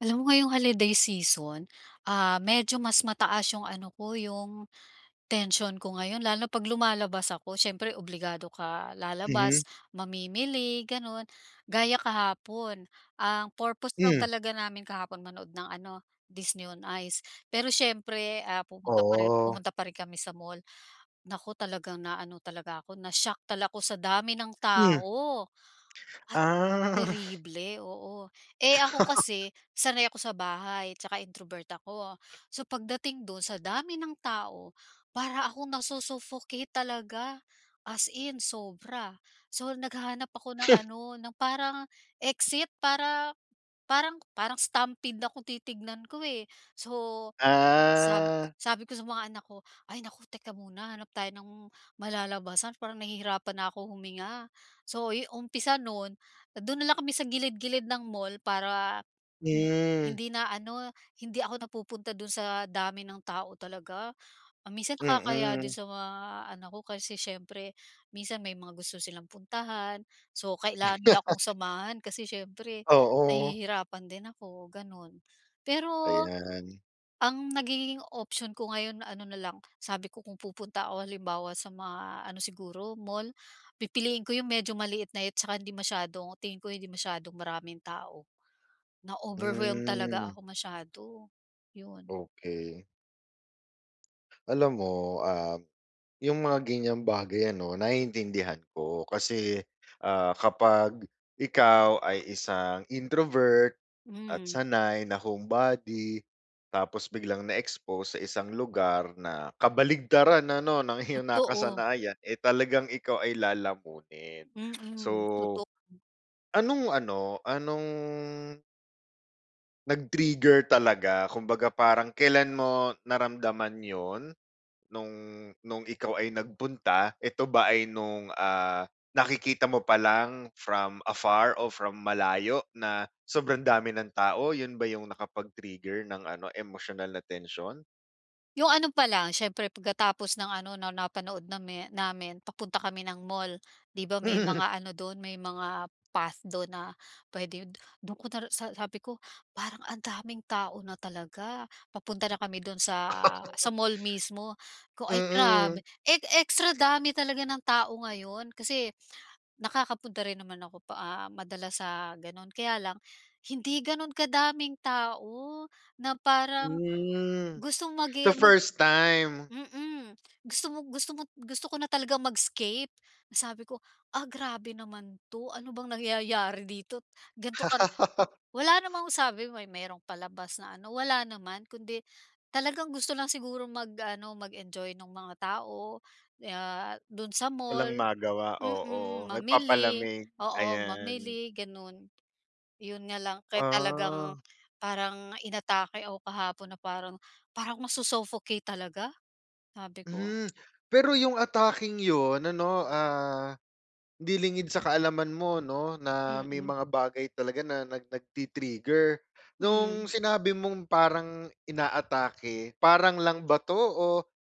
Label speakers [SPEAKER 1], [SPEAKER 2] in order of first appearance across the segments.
[SPEAKER 1] Alam mo ngayong holiday season, ah, medyo mas mataas yung ano ko, yung tensiyon ko ngayon, lalo na 'pag lumalabas ako. Siyempre obligado ka
[SPEAKER 2] Mhm.
[SPEAKER 1] lalabas, mamimili gano'n. Gaya kahapon, ang purpose lang
[SPEAKER 2] Mm.
[SPEAKER 1] talaga namin kahapon, manood ng ano, Disney On Ice. Pero siyempre, ah, pumunta pa rin
[SPEAKER 2] Oh.
[SPEAKER 1] pumunta pa rin kami sa mall. Naku, talagang na ano talaga ako, na-shock talaga ako sa dami ng
[SPEAKER 2] Mm.
[SPEAKER 1] tao, at
[SPEAKER 2] Ah.
[SPEAKER 1] terible, oo. Eh, ako kasi, sanay ako sa bahay 'tsaka introvert ako. So, pagdating do'n, sa dami ng tao, para akong nasu-suffocate talaga, as in sobra. So, naghahanap ako ng ano, ng parang exit para parang, parang stampede na kung titignan ko, eh. So, sab
[SPEAKER 2] Ah.
[SPEAKER 1] sabi ko sa mga anak ko, "Ay, naku. Teka muna, hanap tayo ng malalabasan, parang nahihirapan na akong huminga." So, yu umpisa no'n, do'n na lang kami sa gilid-gilid ng mall, para hindi,
[SPEAKER 2] Mm.
[SPEAKER 1] hindi na ano, hindi ako napupunta do'n sa dami ng tao talaga. Ah, minsan nakakahiya
[SPEAKER 2] Mm.
[SPEAKER 1] din sa mga anak ko, kasi siyempre minsan may mga gusto silang puntahan, so kailangan nila akong samahan kasi siyempre,
[SPEAKER 2] Oo.
[SPEAKER 1] nahihirapan din ako, gano'n. Pero
[SPEAKER 2] Ayan.
[SPEAKER 1] ang nagigiging option ko ngayon ano na lang, sabi ko, kung pupunta ako halimbawa sa mga ano, siguro mall, pipiliin ko yung medyo maliit-liit tsaka hindi masyadong tingin ko, hindi masyadong maraming tao. Na-overwhelmed talaga
[SPEAKER 2] Mm.
[SPEAKER 1] ako masyado. Yun.
[SPEAKER 2] Okey. Alam mo, um, 'yong mga ganiyang bagay, ano, naiintindihan ko. Kasi, ah, kapag ikaw ay isang introvert at
[SPEAKER 1] Mm.
[SPEAKER 2] sanay na homebody, tapos biglang na-expose sa isang lugar na kabaligtaran, ano, ng iyong
[SPEAKER 1] Totoo.
[SPEAKER 2] nakasanayan, eh, talagang ikaw ay lalamunin. So,
[SPEAKER 1] Mm, totoo.
[SPEAKER 2] anong ano, anong nag-trigger talaga, kumbaga parang kailan mo naramdaman 'yon? No'ng no'ng ikaw ay nagpunta, eto ba ay no'ng, ah, nakikita mo pa lang from afar or from malayo na sobrang dami ng tao? 'Yon ba 'yong nakapag-trigger ng ano, emosyonal na tensiyon?
[SPEAKER 1] 'Yong ano pa lang, siyempre pagkatapos ng ano na napanood nami namin, papunta kami ng mall. 'Di ba, may mga ano do'n, may mga path do'n na puwede 'yon do'n ko ta sa sabi ko, "Parang ang daming tao na talaga." Papunta na kami do'n sa, sa mall mismo, ko ay grabe,
[SPEAKER 2] Mm.
[SPEAKER 1] e extra dami talaga ng tao ngayon. Kasi nakakapunta rin naman ako pa ah, madalas sa gano'n, kaya lang, hindi gano'n kadaming tao na parang,
[SPEAKER 2] Hmm.
[SPEAKER 1] gustong magi
[SPEAKER 2] So,
[SPEAKER 1] ah, mag
[SPEAKER 2] first time.
[SPEAKER 1] mm. Gusto mo gusto mo gusto ko na talagang mag-escape, na sabi ko, "Ah, grabe naman 'to, ano bang nangyayari dito’t, ganito kara" W wala namang sabi, may may merong palabas na ano, wala naman kundi talagang gusto lang siguro mag ano, mag-enjoy no'ng mga tao, ah, do'n sa
[SPEAKER 2] Walang
[SPEAKER 1] mall
[SPEAKER 2] magawa,
[SPEAKER 1] mm,
[SPEAKER 2] oo.
[SPEAKER 1] mamili
[SPEAKER 2] Nagpapalamig,
[SPEAKER 1] oo,
[SPEAKER 2] ayan.
[SPEAKER 1] mamili, gano'n. 'Yon nga lang, kaya talagang
[SPEAKER 2] Ah.
[SPEAKER 1] parang inatake ako kahapon na parang, para akong maso-suffocate talaga, sabi ko.
[SPEAKER 2] Hmm. Pero, 'yong atakeng 'yon, ano, ah, 'di lingid sa kaalaman mo, 'no, na may
[SPEAKER 1] Mm.
[SPEAKER 2] mga bagay talaga na nag nagti-trigger. No'ng
[SPEAKER 1] Mm.
[SPEAKER 2] sinabi mong parang inaatake, parang lang ba 'to? O,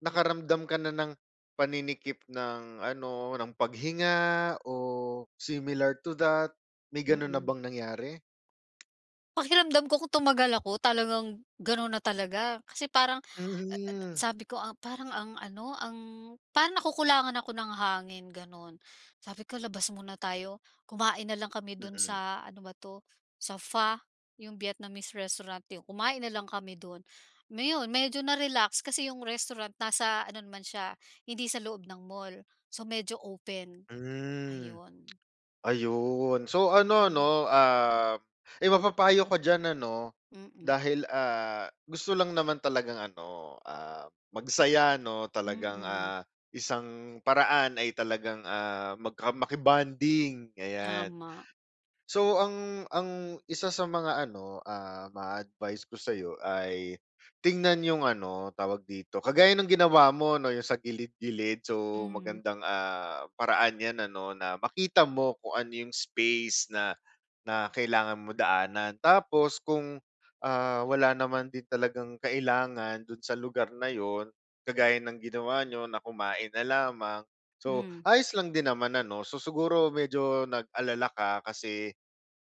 [SPEAKER 2] nakaramdam ka na ng, paninikip ng ano, ng paghinga, o similar to that, may gano'n na
[SPEAKER 1] Mm.
[SPEAKER 2] bang nangyari?
[SPEAKER 1] Pakiramdam ko kung tumagal ako talagang gano'n na talaga kasi parang, a a,
[SPEAKER 2] Mm.
[SPEAKER 1] sabi ko, ah, parang ang ano, ang parang nakukulangan ako ng hangin gano'n. Sabi ko labas muna tayo, kumain nalang kami do'n
[SPEAKER 2] Mm.
[SPEAKER 1] sa ano ba to sa Pho yung Vietnamese restaurant yu kumain nalang kami do'n. Ayun, medyo na-relax kasi yung restaurant nasa ano naman siya hindi sa loob ng mall, so medyo open,
[SPEAKER 2] Hmm,
[SPEAKER 1] ayun.
[SPEAKER 2] ayun so, ano
[SPEAKER 1] Mm.
[SPEAKER 2] 'no, ah, eh, mapapayo ka diyan ano
[SPEAKER 1] Mm.
[SPEAKER 2] dahil, ah, gusto lang naman talagang ano, ah, magsaya 'no, talagang,
[SPEAKER 1] Mm.
[SPEAKER 2] ah, isang paraan ay talagang, ah, magka maki-bonding ayan.
[SPEAKER 1] Tama.
[SPEAKER 2] So ang, ang 1 sa mga ano, ah, ma advice ko sayo ay tingnan yung ano tawag dito kagaya ng ginawa mo 'no, yung sa gilid-gilid. So,
[SPEAKER 1] Mm.
[SPEAKER 2] magandang, ah, paraan 'yan ano na makita mo kung ano yung space na, na kailangan mo daanan. Tapos kung, ah, wala naman din talagang kailangan do'n sa lugar na 'yon kagaya ng ginawa niyo na kumain na lamang. So,
[SPEAKER 1] Mm.
[SPEAKER 2] ayos lang din naman ano so, siguro medyo nag-alala ka kasi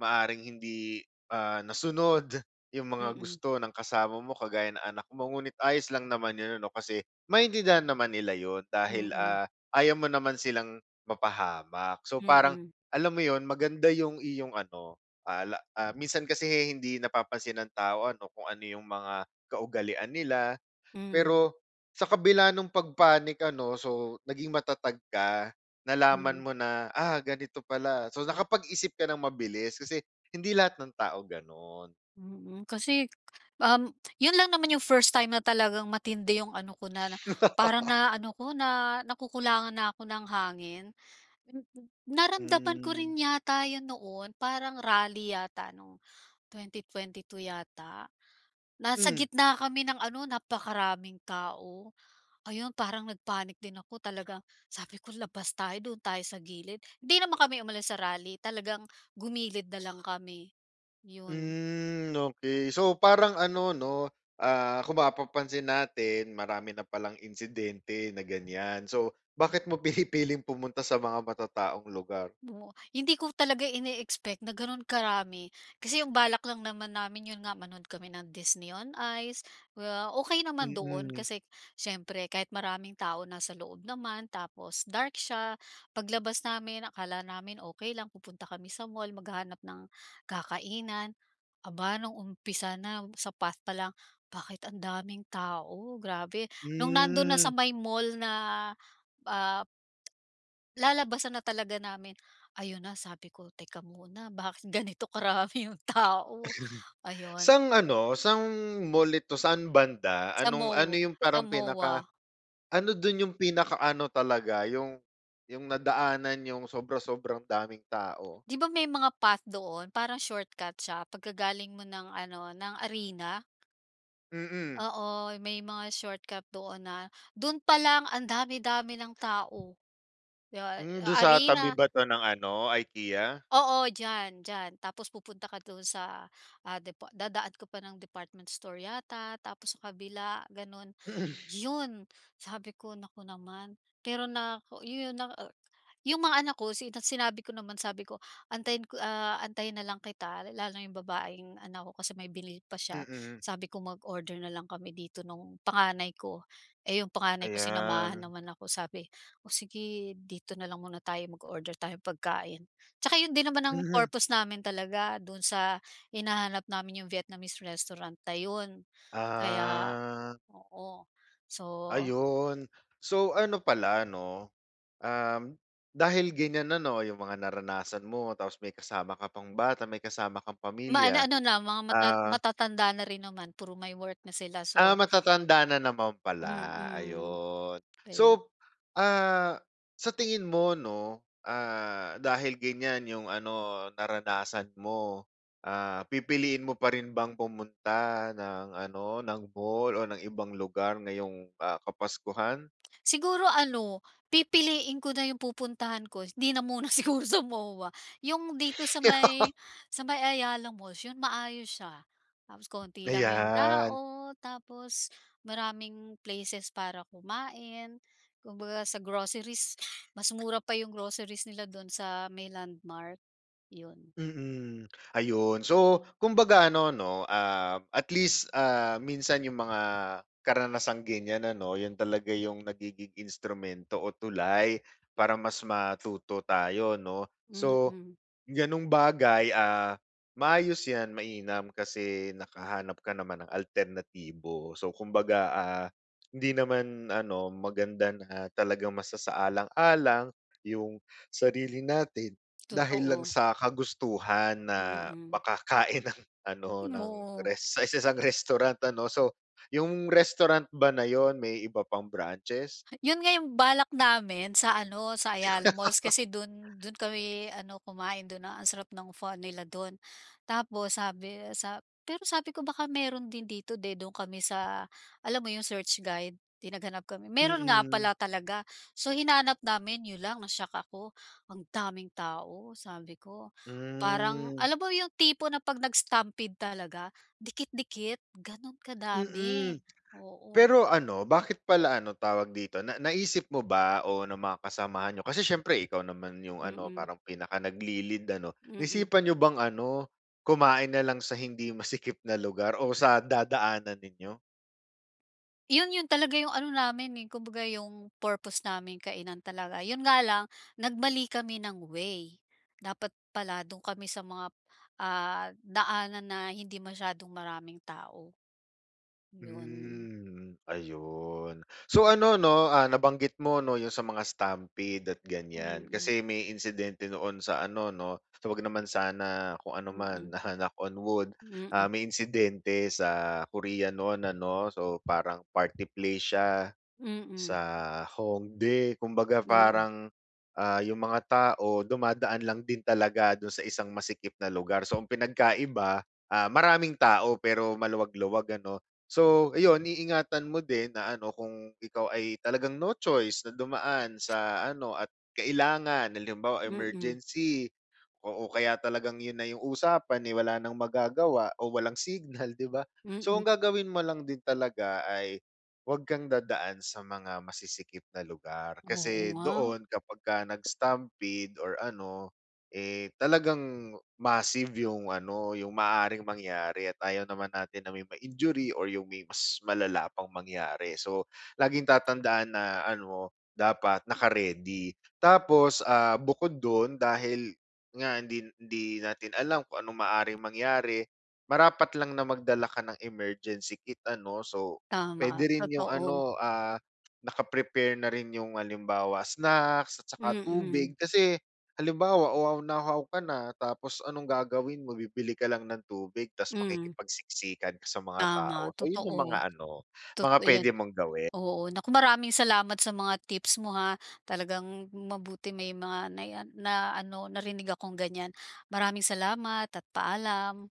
[SPEAKER 2] maaaring hindi, ah, nasunod yung mga
[SPEAKER 1] Mm.
[SPEAKER 2] gusto ng kasama mo kagaya ng anak mo ngunit ayos lang naman yun ano kasi maintindihan naman nila 'yon dahil,
[SPEAKER 1] Mm.
[SPEAKER 2] ah, ayaw mo naman silang mapahamak. So parang
[SPEAKER 1] Mm.
[SPEAKER 2] alam mo 'yon, maganda yung iyong ano, ah, ah, la minsan kasi hindi napapansin ng tao ano kung ano yung mga kaugalian nila.
[SPEAKER 1] Mm.
[SPEAKER 2] Pero sa kabila nung pag-panic ano, so naging matatag ka. Nalaman
[SPEAKER 1] Mm.
[SPEAKER 2] mo na, ah, ganito pala so nakapag-isip ka ng mabilis kasi hindi lahat ng tao, gano'n.
[SPEAKER 1] Mm. Kasi, um, 'yon lang naman yung 1st time na talagang matindi yung ano ko na parang na ano ko na nakukulangan na ako ng hangin. Naramdaman ko
[SPEAKER 2] Mm.
[SPEAKER 1] rin yata 'yan noon parang rally yata nung 2022 yata. Nasa
[SPEAKER 2] Mm.
[SPEAKER 1] gitna kami ng ano napakaraming tao. Ayun, parang nag-panic din ako talagang sabi ko, "labas tayo, doon tayo sa gilid" hindi naman kami umalis sa rally talagang gumilid na lang kami, 'yon.
[SPEAKER 2] Hmm, okey so parang ano 'no, ah, kung mapapansin natin marami na palang insidente na ganiyan so, bakit mo pinipiling pumunta sa mga matataong lugar?
[SPEAKER 1] Oh, hindi ko talaga ine-expect na gano'n karami, kasi yung balak lang naman namin 'yon nga manood kami ng Disney on Ice kaya okey naman doon
[SPEAKER 2] Mm.
[SPEAKER 1] kasi siyempre kahit maraming tao nasa loob naman tapos dark siya. Paglabas namin akala namin okey lang pupunta kami sa mall, maghahanap ng kakainan. Aba, nung umpisa na sa path pa lang, "bakit ang daming tao, grabe!" nung nando'n na sa
[SPEAKER 2] Mm.
[SPEAKER 1] may mall na, ah, lalabasan na talaga namin, ayun na sabi ko, "teka muna bakit ganito karami yung tao, ayun.
[SPEAKER 2] Sa'ng ano, sa'ng mall ito saan banda?
[SPEAKER 1] Sa
[SPEAKER 2] Anong ano,
[SPEAKER 1] mo
[SPEAKER 2] yung
[SPEAKER 1] sa
[SPEAKER 2] parang pinaka,
[SPEAKER 1] MOA.
[SPEAKER 2] ano do'n yung pinakaano talaga yung, yung nadaanan n'yong sobra-sobrang daming tao?
[SPEAKER 1] Di ba, may mga path doon parang shortcut siya pagka galing mo ng ano ng arena?
[SPEAKER 2] Mm.
[SPEAKER 1] Oo, may mga shortcut doon na, doon pa lang ang dami, dami ng tao. 'Di ba,
[SPEAKER 2] Hmm, dun
[SPEAKER 1] a
[SPEAKER 2] sa tabi
[SPEAKER 1] arena
[SPEAKER 2] ba ito ng ano, IKEA?
[SPEAKER 1] Oo, diyan, diyan. Tapos pupunta ka doon, sa, ah, depo dadaan ka pa ng department store yata, tapos sa kabila, ganun. Yun, sabi ko, naku naman. Pero nako yun naa yung mga anak ko, sina sinabi ko naman, sabi ko antayin ko, ah, antayin na lang kita. Lalo na yung babaeng anak ko kasi may binili pa siya,
[SPEAKER 2] Mm.
[SPEAKER 1] sabi ko mag-order na lang kami dito nung panganay ko. Eh, yung panganay ko, sinamahan
[SPEAKER 2] Ayan.
[SPEAKER 1] naman ako, sabi, "O sige, dito na lang muna tayo, mag-order tayong pagkain." Tsaka yun din naman ang
[SPEAKER 2] Mhm.
[SPEAKER 1] purpose namin talaga, dun sa hinahanap namin yung Vietnamese restaurant na 'yon, kaya,
[SPEAKER 2] Ah.
[SPEAKER 1] oo. So
[SPEAKER 2] Ayon. So, ano pala 'no, uhm, dahil ganiyan na 'no, yung mga naranasan mo, tapos may kasama ka pang bata, may kasama kang
[SPEAKER 1] Maano
[SPEAKER 2] pamilya.
[SPEAKER 1] ano na, mga mata
[SPEAKER 2] Ah
[SPEAKER 1] matatanda na rin naman, puro may work na sila,
[SPEAKER 2] Ah,
[SPEAKER 1] so
[SPEAKER 2] matatanda na naman pala,
[SPEAKER 1] Mm.
[SPEAKER 2] ayon.
[SPEAKER 1] kaya.
[SPEAKER 2] So, ah, sa tingin mo 'no, ah, dahil ganiyan yung ano, naranasan mo, ah, pipiliin mo pa rin bang pumunta ng ano, ng mall o ng ibang lugar ngayong, ah, kapaskuhan?
[SPEAKER 1] Siguro ano, pipiliin ko na yung pupuntahan ko. 'Di na muna siguro sa MOA, yung dito sa may sa may Ayala Malls, yun, maayos siya. Tapos konti lang yung
[SPEAKER 2] Ayan.
[SPEAKER 1] tao, tapos maraming places para kumain, kumbaga sa groceries, mas mura pa yung groceries nila doon sa may Landmark, 'yon.
[SPEAKER 2] Mm, ayon. So, kumbaga ano 'no, ah, at least, ah, minsan yung mga karanasang ganiyan ano, yun talaga yung nagiging instrumento o tulay para mas matuto tayo 'no. So,
[SPEAKER 1] Mm.
[SPEAKER 2] ganung bagay, ah, maayos 'yan, mainam kasi nakahanap ka naman ng alternatibo. So kumbaga, ah, hindi naman ano, maganda na talagang masasaalang-alang yung sarili natin, dahil lang
[SPEAKER 1] Totoo.
[SPEAKER 2] sa kagustuhan na
[SPEAKER 1] Mm.
[SPEAKER 2] makakain ng ano, ng
[SPEAKER 1] Oo.
[SPEAKER 2] res sa isang restaurant ano, so yung restaurant ba na iyon, may iba pang branches?
[SPEAKER 1] Yun nga yung balak namin sa ano, sa Ayala Malls. Kasi do'n do'n kami ano, kumain. Dun, a ang sarap ng "pho" nila dun. Tapos sabi sa pero sabi ko, "baka meron din dito." 'di dun kami sa alam mo yung search guide? 'Di naghanap kami, meron nga
[SPEAKER 2] Mm.
[SPEAKER 1] pala talaga. So, hinanap namin, 'yon lang na-shock ako, ang daming tao. Sabi ko, parang
[SPEAKER 2] Hmm.
[SPEAKER 1] alam mo yung tipo na 'pag nag-stampede talaga, dikit-dikit, ganun kadami,
[SPEAKER 2] Mm.
[SPEAKER 1] oo.
[SPEAKER 2] Pero ano, bakit pala ano, tawag dito, na naisip mo ba o ng mga kasamahan niyo, kasi siyempre ikaw naman yung ano,
[SPEAKER 1] Mm.
[SPEAKER 2] parang pinaka nagli-lead ano,
[SPEAKER 1] Mm.
[SPEAKER 2] naisipan niyo bang ano, kumain na lang sa hindi masikip na lugar o sa dadaanan ninyo?
[SPEAKER 1] 'Yon 'yon talaga 'yong ano namin, eh, kumbaga 'yong purpose namin, kainan talaga. 'Yon nga lang, nagmali kami ng way. Dapat pala do'n kami sa mga, ah, daanan na hindi masyadong maraming tao. 'Yon.
[SPEAKER 2] Hmm, ayun. So ano, 'no, ah, nabanggit mo, 'no, 'yong sa mga stampede at ganiyan.
[SPEAKER 1] Mhm.
[SPEAKER 2] Kasi may insidente noon sa ano, 'no? So wag naman sana kung ano man,
[SPEAKER 1] Mm.
[SPEAKER 2] ah, knock on wood. Ah,
[SPEAKER 1] Mm.
[SPEAKER 2] may insidente sa Korea noon, ano. So parang party place siya sa
[SPEAKER 1] Mm.
[SPEAKER 2] Hongdae. Kumbaga
[SPEAKER 1] Mm.
[SPEAKER 2] parang, ah, 'yong mga tao dumadaan lang din talaga do'n sa isang masikip na lugar. So ang pinagkaiba, ah, maraming tao pero maluwag-luwag, ano. So, ayun, iingatan mo din na, ano, kung ikaw ay talagang no choice na dumaan sa ano, at kailangan, halimbawa,
[SPEAKER 1] Mm.
[SPEAKER 2] emergency Oo, kaya talagang 'yon na 'yong usapan, eh, wala nang magagawa o walang signal, 'di ba? So
[SPEAKER 1] Mm.
[SPEAKER 2] ang gagawin mo lang din talaga ay 'wag kang dadaan sa mga masisikip na lugar.
[SPEAKER 1] Oo
[SPEAKER 2] Kasi
[SPEAKER 1] nga.
[SPEAKER 2] doon kapagka nag-stampede or ano, eh, talagang massive 'yong ano 'yong maaaring mangyari at ayaw naman natin na may ma-injury or 'yong may mas malala pang mangyari. So, laging tatandaan na, ano, dapat naka-ready. Tapos, ah, bukod do'n dahil nga hindi hindi natin alam kung ano'ng maaring mangyari, marapat lang na magdala ka ng emergency kit, ano. So
[SPEAKER 1] Tama,
[SPEAKER 2] pwede rin 'yong
[SPEAKER 1] totoo.
[SPEAKER 2] ano, ah, naka-prepare na rin 'yong, halimbawa, snacks at saka
[SPEAKER 1] Mm.
[SPEAKER 2] tubig. Kasi halimbawa uhaw na uhaw ka na, tapos anong gagawin mo, bibili ka lang ng tubig. 'Tas
[SPEAKER 1] Hmm.
[SPEAKER 2] makikipagsiksikan ka sa mga tao.
[SPEAKER 1] Tama,
[SPEAKER 2] Ayun 'yong mga
[SPEAKER 1] totoo.
[SPEAKER 2] ano mga
[SPEAKER 1] Totoo 'yan.
[SPEAKER 2] pwede mong gawin.
[SPEAKER 1] Oo, naku, maraming salamat sa mga tips mo, ha. Talagang mabuti may mga nai-a na ano narinig akong ganiyan. Maraming salamat at paalam.